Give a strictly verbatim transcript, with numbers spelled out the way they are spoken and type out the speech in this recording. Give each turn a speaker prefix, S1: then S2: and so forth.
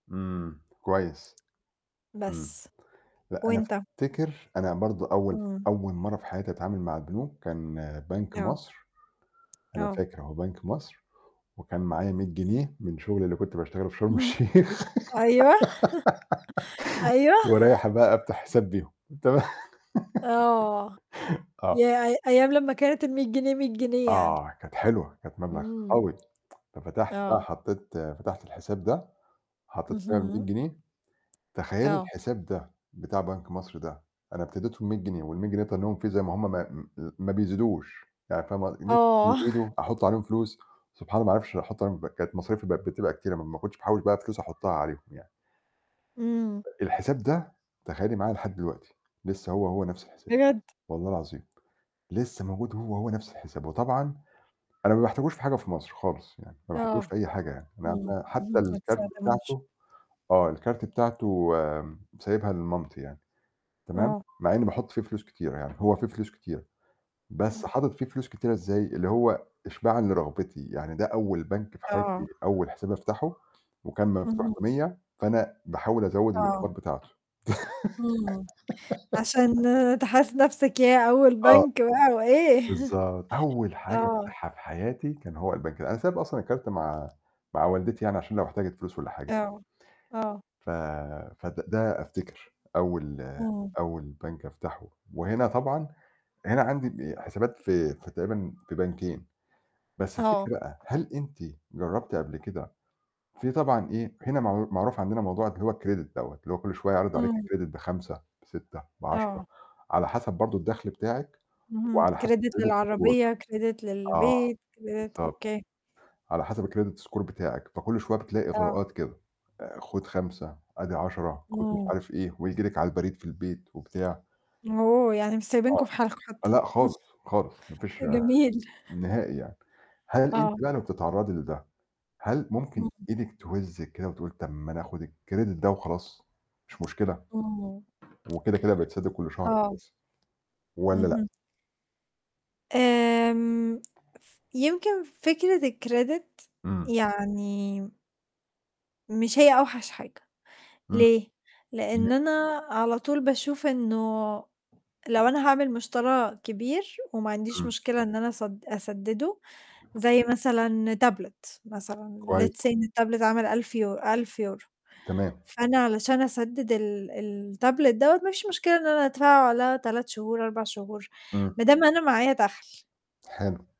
S1: إمم، كويس. إمم.
S2: بس.
S1: لأ، أنا
S2: وأنت؟
S1: أفتكر أنا برضه أول
S2: إمم.
S1: أول مرّة في حياتي أتعامل مع البنوك كان بنك
S2: آه.
S1: مصر، أنا
S2: آه.
S1: فاكر أهو بنك مصر، وكان معايا مِيّة جنيه من شُغلي اللي كنت باشتغله في شرم
S2: اهم.
S1: الشيخ
S2: أيوه، أيوه.
S1: ورايح بقى أفتح حساب بيهم تمام،
S2: آه.
S1: آه.
S2: ياه! أي أيام لمّا كانت المِيّة جنيه مِيّة جنيه يعني.
S1: آه، كانت حلوة، كانت مبلغ
S2: إمم.
S1: قوي. ففتحت بقى
S2: آه.
S1: حطّيت فتحت الحساب ده حطّيت فيها المِيّة
S2: اهم.
S1: جنيه، تخيّلي
S2: آه.
S1: الحساب ده بتاع بنك مصر ده أنا ابتديته بمِيّة جنيه والمِية جنيه تنيّهم فيه زي ما هم ما م آآ ما بيزيدوش، يعني فاهمة ق إن
S2: آه.
S1: [unintelligible] يزيدوا أحط عليهم فلوس، سبحان الله ما أعرفش أحط عليهم [unintelligible] مصاريفي بقت بتبقى كتيرة، ما أنا ما كنتش باحوّش بقى فلوس أحطّها عليهم يعني.
S2: إمم.
S1: آآ الحساب ده تخيّلي معايا لحد دلوقتي لسه هو، هو نَفْس الحساب
S2: بجد!
S1: والله العظيم لسه موجود هو، هو نَفْس الحساب وطبعًا أنا ما باحتاجوش في حاجة في مصر خالص يعني، ما باحتاجوش
S2: آه.
S1: في أي حاجة يعني، ما
S2: إمم،
S1: أنا حتى الكارت
S2: [unintelligible]
S1: بتاعته آه، الكارت بتاعته م سايبها لمامتي يعني تمام؟
S2: آه.
S1: مع إنّي باحط فيه فلوس كتيرة يعني، هو فيه فلوس كتيرة، بس
S2: إمم.
S1: حاطط فيه فلوس كتيرة إزاي اللي هو إشباع لرغبتي، يعني ده أول بنك في
S2: آه.
S1: حياتي، أول حساب أفتحه وكان مفتوح
S2: اهم.
S1: بمِيّة، فأنا باحاول أزوّد
S2: آه.
S1: الأصفار بتاعته.
S2: إمم، عشان تحس نَفْسك ياه! أول
S1: آه.
S2: بنك بقى وإيه،
S1: بالضبط، أول حاجة
S2: آه.
S1: أفتحها في حياتي كان هو البنك ده، أنا سايب أصلًا الكارت مع مع والدتي يعني عشان لو احتاجت فلوس والّا حاجة.
S2: آه، آه.
S1: ف فد ده أفتكر أول
S2: إمم.
S1: أول بنك أفتحه وهنا طبعًا هنا عندي ال حسابات في في تقريبًا في بنكين، بس
S2: آه.
S1: الفكرة هل أنتِ جرّبتِ قبل كده في طبعًا إيه، هنا معر معروف عندنا موضوع اللي هو الcredit دَوّة، اللي هو كل شوية يعرض عليك
S2: إمم.
S1: الcredit بخَمسة بسِتة بعَشَرة
S2: آه.
S1: على حسب برضه الدخل بتاعِك
S2: اهم،
S1: وعلى حسب
S2: credit
S1: الcredit score.
S2: للعربية، credit
S1: آه،
S2: للبيت، credit
S1: بالضبط،
S2: أوكي.
S1: على حسب الcredit score بتاعِك، فكل شوية بتلاقي
S2: آه.
S1: إغراءات كده، آآ خُد خَمسة أدي عَشَرة، خُد مش
S2: إمم.
S1: عارف إيه وييجي لِك على البريد في البيت وبتاع.
S2: أوه! يعني مش سايبنكم
S1: آه،
S2: في حالكم حتي.
S1: لأ خالص، خالص، ما
S2: ده
S1: فيش
S2: جميل.
S1: نهائي يعني، هل أنتِ
S2: آه.
S1: بقى لما بتتعرّضي لده، هل ممكن
S2: اهم.
S1: إيدِك توزِّك كده وتقول لِك طَب ما ناخُد الcredit ده وخلاص؟ مش مشكلة
S2: إمم.
S1: وكده، كده بيتسدد كل شهر
S2: آه.
S1: [unintelligible] والّا لأ؟
S2: اهم. آمم ف يمكن فكرة الcredit
S1: إمم.
S2: يعني مش هي أوحش حاجة،
S1: إمم.
S2: ليه؟
S1: تم
S2: لإن أنا على طول باشوف إنه لو أنا هاعمل مُشترى كبير وما عنديش
S1: إمم.
S2: مشكلة إن أنا أسد أسدده زي مثلًا تابلت مثلًا
S1: كويس.
S2: let's say إن التابلت عامل ألف يو ألف يورو،
S1: تمام.
S2: فأنا علشان أسدد ال ال التابلت دَوّة ما فيش مشكلة إن أنا أدفعه على تلت شهور، أربع شهور
S1: إمم.
S2: ما دام أنا معايا دَخْل.
S1: حلو.